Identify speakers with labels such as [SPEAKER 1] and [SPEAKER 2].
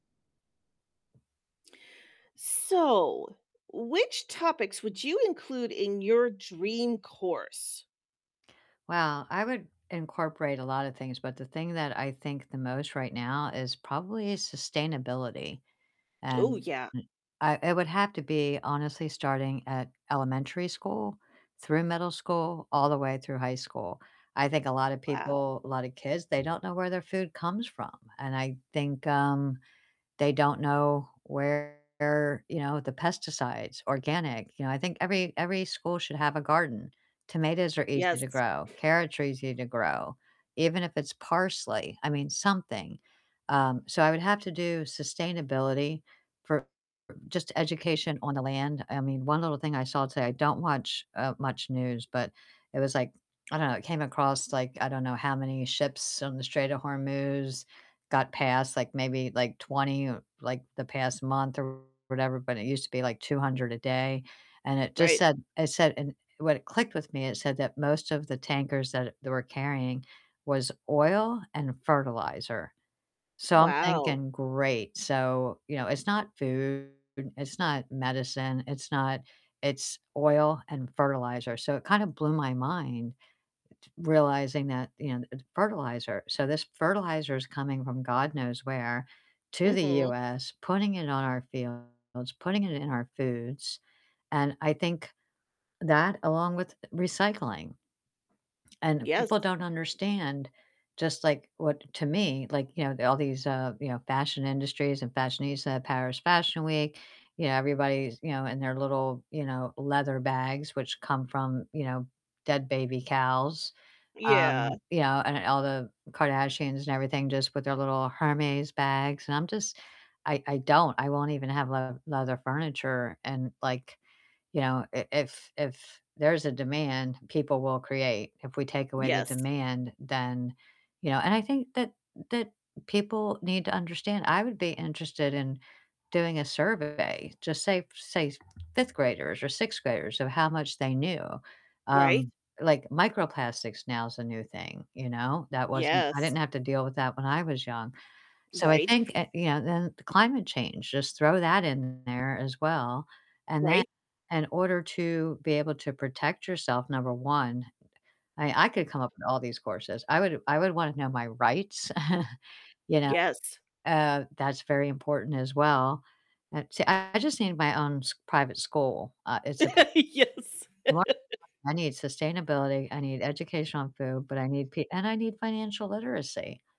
[SPEAKER 1] So, which topics would you include in your dream course?
[SPEAKER 2] Well, I would incorporate a lotta things, but the thing that I think the most right now is probably sustainability.
[SPEAKER 1] Ooh,
[SPEAKER 2] And
[SPEAKER 1] yeah.
[SPEAKER 2] I it would have to be honestly starting at elementary school through middle school all the way through high school. I think a lotta
[SPEAKER 1] Wow.
[SPEAKER 2] people lotta kids, they don't know where their food comes from, and I think, um, they don't know where, you know, the pesticides, organic, you know, I think every every school should have a garden. Tomatoes are easy to
[SPEAKER 1] Yes.
[SPEAKER 2] grow, carrots are easy to grow. Even if it's parsley, I mean something. Um, so I would have to do sustainability for just education on the land. I mean, one little thing I saw today, I don't watch, uh, much news, but it was like, I don't know, it came across like I don't know how many ships on the Strait of Hormuz got past, like maybe, like 20, like the past month or whatever, but it used to be like 200 a day and it just
[SPEAKER 1] Right.
[SPEAKER 2] said it said and what clicked with me, it said that most of the tankers that they were carrying was oil and fertilizer. So I'm
[SPEAKER 1] Wow.
[SPEAKER 2] thinking great, so, you know, it's not food, it's not medicine, it's not It's oil and fertilizer, so it kinda blew my mind realizing that, you know, fertilizer, so this fertilizer is coming from god knows where to the
[SPEAKER 1] Mhm.
[SPEAKER 2] US, putting it on our fields, putting it in our foods, and I think that along with recycling. And
[SPEAKER 1] Yes.
[SPEAKER 2] people don't understand just like what to me, like, you know, all these, uh, you know, fashion industries and fashionista, Paris Fashion Week, you know, everybody's, you know, in their little, you know, leather bags which come from, you know, dead baby cows.
[SPEAKER 1] Yeah.
[SPEAKER 2] Um, you know, and all the Kardashians and everything just with their little Hermes bags and I'm just I I don't I won't even have le leather furniture and like, you know, i if if there's a demand, people will create, if we take away the
[SPEAKER 1] Yes.
[SPEAKER 2] demand, then, you know and I think that that people need to understand, I would be interested in doing a survey, just say say 5th graders or 6th graders of how much they knew,
[SPEAKER 1] Right.
[SPEAKER 2] um, like microplastics now is a new thing, you know? That wasn't I
[SPEAKER 1] Yes.
[SPEAKER 2] didn't have to deal with that when I was young, so I
[SPEAKER 1] Right.
[SPEAKER 2] think uh, you know, then the climate change, just throw that in there as well, and then
[SPEAKER 1] Right.
[SPEAKER 2] in order to be able to protect yourself, number 1, I I could come up with all these courses, I would I would wanna know my rights, you know?
[SPEAKER 1] Yes.
[SPEAKER 2] Uh, that's very important as well. Uh, see, I just need my own s private school, uh, it's ap
[SPEAKER 1] Yes.
[SPEAKER 2] [unintelligible] I need sustainability, I need education on food, but I need p and I need financial literacy.